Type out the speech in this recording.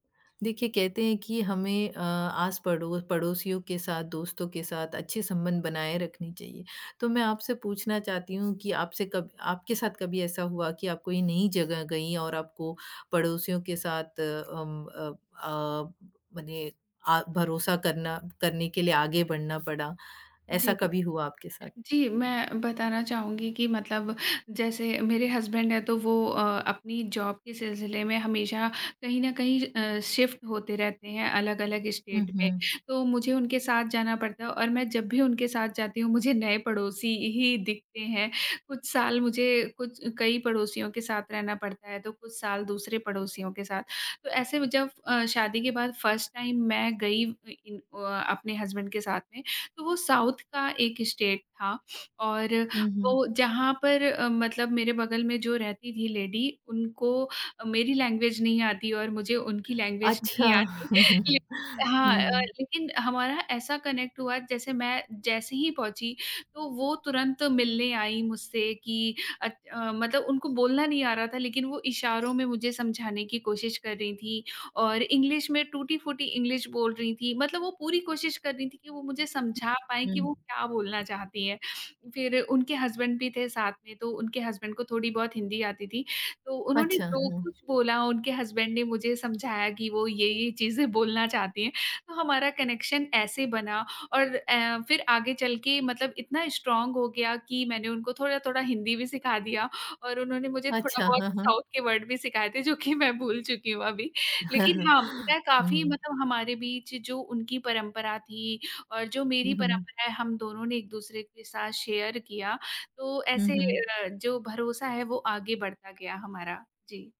देखिए, कहते हैं कि हमें अ, आस-पड़ो पड़ोसियों के साथ, दोस्तों के साथ अच्छे संबंध बनाए रखने चाहिए। तो मैं आपसे पूछना चाहती हूँ कि आपसे कब आपके साथ कभी ऐसा हुआ कि आप कोई नई जगह गईं और आपको पड़ोसियों के साथ अम, अप अ, मने आ भरोसा करना करने के लिए आगे बढ़ना पड़ा, जी ऐसा इ कभी हुआ आपके साथ? जी, मैं बताना चाहूँगी कि मतलब जैसे मेरे हसबैंड हैं, तो वो अ, अपनी जॉब के सिलसिले में हमेशा कहीं न कहीं अ, शिफ़्ट होते रहते हैं, अलग-अलग हुँ, स्टेट में। हुँ। तो मुझे उनके साथ जाना पड़ता है और मैं जब भी उनके साथ जाती हूँ मुझे नए पड़ोसी ही दिखते हैं। कुछ साल मुझे कुछ कई पड़ोसियों के साथ रहना पड़ता है तो कुछ साल दूसरे पड़ोसियों के साथ। तो ऐसे में जब अ, शादी के बाद फ़र्स्ट टाइम मैं गई व इन अ, अपने हसबैंड के साथ में, तो वो साउथ का एक स्टेट था। और हुँ, हुँ। वो जहाँ पर अ, मतलब मेरे बगल में जो रहती थी लेडी, उनको मेरी लैंग्वेज नहीं आती और मुझे उनकी लैंग्वेज अच्छा। नहीं आती। ले हाँ, हुँ। लेकिन हमारा ऐसा कनेक्ट हुआ जैसे मैं जैसे ही पहुँची तो वो तुरंत मिलने आई मुझसे कि अच मतलब उनको बोलना नहीं आ रहा था लेकिन वो इशारों में मुझे समझाने की कोशिश कर रही थीं और इंग्लिश में टूटी-फूटी इंग्लिश बोल रही थी। मतलब वो पूरी कोशिश कर रही थी कि वो मुझे समझा पाएँ कि वो हुँ। क्या बोलना चाहती हैं। फिर उनके हसबैंड भी थे साथ में, तो उनके हसबैंड को थोड़ी बहुत हिंदी आती थी, तो उन्होंने अच्छा। जो हुँ। कुछ बोला उनके हसबैंड ने मुझे समझाया कि वो ये-ये चीज़ें बोलना चाहती हैं। तो हमारा कनेक्शन ऐसे बना और ऐ फिर आगे चल के मतलब इतना स्ट्रांग हो गया कि मैंने उनको थोड़ा-थोड़ा हिंदी भी सिखा दिया और उन्होंने मुझे थोड़ा अच्छा। बहुत हाँ, साउथ हाँ। के वर्ड भी सिखाए थे, जो कि मैं भूल चुकी हूँ अभी। लेकिन हुँ, हाँ, मैं काफ़ी हुँ। मतलब हमारे बीच जो उनकी परंपरा थी और जो मेरी हुँ, हुँ। परंपरा है, हम दोनों ने एक-दूसरे के साथ शेयर किया, तो हुँ, ऐसे हुँ। अ, जो भरोसा है वो आगे बढ़ता गया हमारा। जी।